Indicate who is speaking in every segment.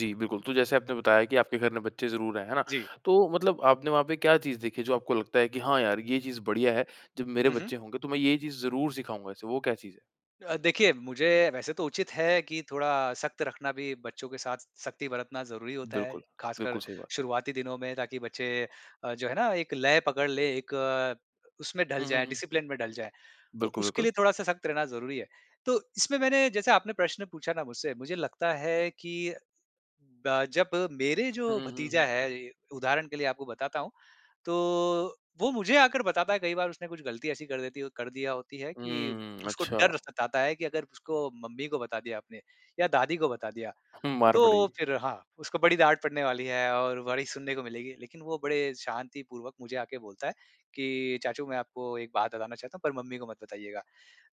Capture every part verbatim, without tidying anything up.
Speaker 1: जी, बिल्कुल। तो जैसे आपने बताया कि आपके घर में बच्चे ज़रूर हैं, है ना?
Speaker 2: जी।
Speaker 1: तो मतलब आपने वहाँ पे क्या चीज़ देखी जो आपको लगता है कि हाँ यार ये चीज़ बढ़िया है। जब मेरे
Speaker 2: हुँ, हुँ।
Speaker 1: बच्चे होंगे तो मैं ये चीज़ ज़रूर सिखाऊँगा इसे, वो क्या चीज़ है?
Speaker 2: अ, देखिए मुझे वैसे तो उचित है कि थोड़ा सख़्त रखना भी, बच्चों के साथ सख़्ती बरतना ज़रूरी होता है।
Speaker 1: बिल्कुल।
Speaker 2: ख़ासकर
Speaker 1: बिल्कुल, सही बात।
Speaker 2: शुरुआती दिनों में ताकि बच्चे अ, जो है ना एक लय पकड़ ले एक उसमें ढल
Speaker 1: हुँ, हुँ,
Speaker 2: जाए
Speaker 1: हुँ।
Speaker 2: डिसिप्लिन में ढल जाए। तो
Speaker 1: बिल्कुल,
Speaker 2: उसके
Speaker 1: बिल्कुल।
Speaker 2: लिए थोड़ा-सा सख़्त रहना ज़रूरी है। तो इसमें मैंने जैसे आपने प्रश्न पूछा ना मुझसे मुझे लगता है कि ब जब मेरे
Speaker 1: हुँ,
Speaker 2: जो
Speaker 1: हुँ, हुँ,
Speaker 2: भतीजा
Speaker 1: हुँ।
Speaker 2: है, उदाहरण के लिए आपको बताता हूँ। तो वो मुझे आकर बताता है कई बार उसने कुछ गलती ऐसी कर देती कर दिया होती है कि
Speaker 1: हुँ,
Speaker 2: उसको डर
Speaker 1: अच्छा।
Speaker 2: सताता है कि अगर उसको मम्मी को बता दिया आपने या दादी को बता दिया।
Speaker 1: हुँ, मार
Speaker 2: तो
Speaker 1: पड़ी।
Speaker 2: फ़िर हाँ, उसको बड़ी डाँट पड़ने वाली है और बड़ी सुनने को मिलेगी। लेकिन वो बड़े शांतिपूर्वक मुझे आके बोलता है कि चाचू मैं आपको एक बात बताना चाहता हूँ पर मम्मी को मत बताइएगा।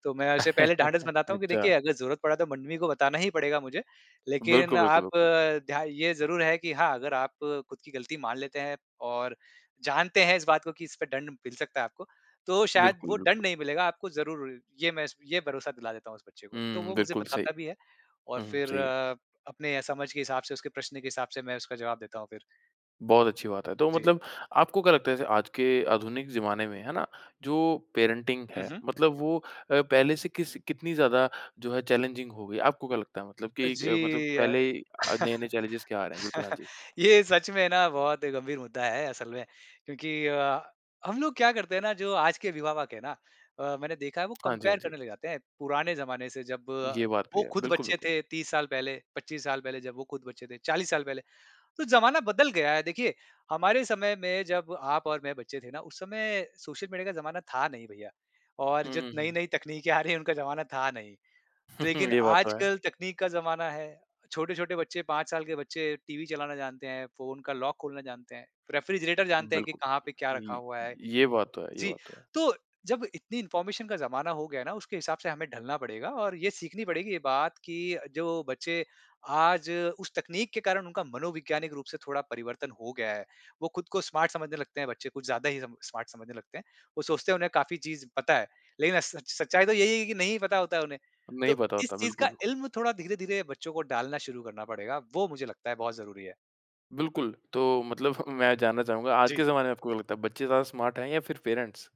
Speaker 2: तो मैं उसे पहले ढाँढस बनाता हूँ कि देखिए
Speaker 1: अच्छा।
Speaker 2: अगर ज़रूरत पड़ा तो मम्मी को बताना ही पड़ेगा मुझे। लेकिन
Speaker 1: बिल्कुल, बिल्कुल,
Speaker 2: आप
Speaker 1: बिल्कुल।
Speaker 2: ध्या ये ज़रूर है कि हाँ, अगर आप ख़ुद की गलती मान लेते हैं और जानते हैं इस बात को कि इस पे दंड मिल सकता है आपको। तो शायद
Speaker 1: बिल्कुल,
Speaker 2: वो दंड
Speaker 1: बिल्कुल।
Speaker 2: नहीं मिलेगा आपको ज़रूर ये मैं इस ये भरोसा दिला देता हूँ उस बच्चे को। तो
Speaker 1: हुँ,
Speaker 2: वो मुझे
Speaker 1: बिल्कुल सही।
Speaker 2: बताता भी है और
Speaker 1: हुँ, हुँ
Speaker 2: फ़िर
Speaker 1: सही है।
Speaker 2: अपने समझ के हिसाब से उसके प्रश्न के हिसाब से मैं उसका जवाब देता हूँ फ़िर।
Speaker 1: बहुत अच्छी बात है। तो
Speaker 2: जी।
Speaker 1: मतलब आपको क्या लगता है जैसे आज के आधुनिक ज़माने में, है ना? जो पेरेंटिंग
Speaker 2: हुँ,
Speaker 1: है
Speaker 2: हुँ।
Speaker 1: मतलब वो अ, पहले से किस कितनी ज़्यादा जो है चैलेंजिंग हो गई। आपको क्या लगता है मतलब
Speaker 2: अ,
Speaker 1: कि मतलब
Speaker 2: जी, अ,
Speaker 1: पहले आ नए-नए चैलेंजस क्या आ रहे हैं? बिल्कुल, हाँ जी।
Speaker 2: ये सच में ना बहुत ही गंभीर मुद्दा है असल में। क्योंकि अ, हम लोग क्या करते हैं ना जो आज के विवाहक है ना अ, मैंने देखा है वो
Speaker 1: हाँ जी, हाँ
Speaker 2: कम्पेयर
Speaker 1: जी।
Speaker 2: करने लग जाते हैं पुराने ज़माने से। जब
Speaker 1: ये बात भी
Speaker 2: वो
Speaker 1: है।
Speaker 2: ख़ुद
Speaker 1: बिल्कुल,
Speaker 2: बच्चे
Speaker 1: बिल्कुल।
Speaker 2: थे तीस साल पहले, पच्चीस साल पहले, जब वो ख़ुद बच्चे थे चालीस साल पहले। तो ज़माना बदल गया है देखिए, हमारे समय में जब आप और मैं बच्चे थे ना उस समय सोशल मीडिया का ज़माना था नहीं भईया और
Speaker 1: हुँ,
Speaker 2: जो
Speaker 1: हुँ, हुँ।
Speaker 2: नई-नई तकनीकें आ रही हैं उनका ज़माना था नहीं। लेकिन
Speaker 1: ये बात तो है।
Speaker 2: आजकल तकनीक का ज़माना है। छोटे-छोटे बच्चे, पाँच साल के बच्चे टीवी चलाना जानते हैं, फ़ोन का लॉक खोलना जानते हैं, रेफ्रिजरेटर जानते हैं कि
Speaker 1: बिल्कुल,
Speaker 2: कहाँ पे क्या रखा
Speaker 1: य
Speaker 2: हुआ है।
Speaker 1: ये बात तो है। ये
Speaker 2: जी,
Speaker 1: बात तो है।
Speaker 2: तो जब इतनी इन्फॉर्मेशन का ज़माना हो गया ना उसके हिसाब से हमें ढलना पड़ेगा। और ये सीखनी पड़ेगी ये बात कि जो बच्चे आज उस तकनीक के कारण उनका मनोवैज्ञानिक रूप से थोड़ा परिवर्तन हो गया है। वो ख़ुद को स्मार्ट समझने लगते हैं बच्चे, कुछ ज़्यादा ही स्मार्ट समझने लगते हैं। वो सोचते हैं उन्हें काफ़ी चीज़ पता है, लेकिन स सच सच्चाई तो यही है कि नहीं पता होता है उन्हें।
Speaker 1: नहीं
Speaker 2: तो
Speaker 1: पता
Speaker 2: इस
Speaker 1: होता।
Speaker 2: चीज़
Speaker 1: बिल्कुल,
Speaker 2: का
Speaker 1: बिल्कुल।
Speaker 2: इल्म थोड़ा धीरे-धीरे बच्चों को डालना शुरू करना पड़ेगा वो मुझे लगता है बहुत ज़रूरी है।
Speaker 1: बिल्कुल, तो मतलब मैं जानना चाहूँगा आज के
Speaker 2: जी।
Speaker 1: ज़माने में आपको क्या लगता है बच्चे ज़्यादा स्मार्ट है या फ़िर पेरेंट्स?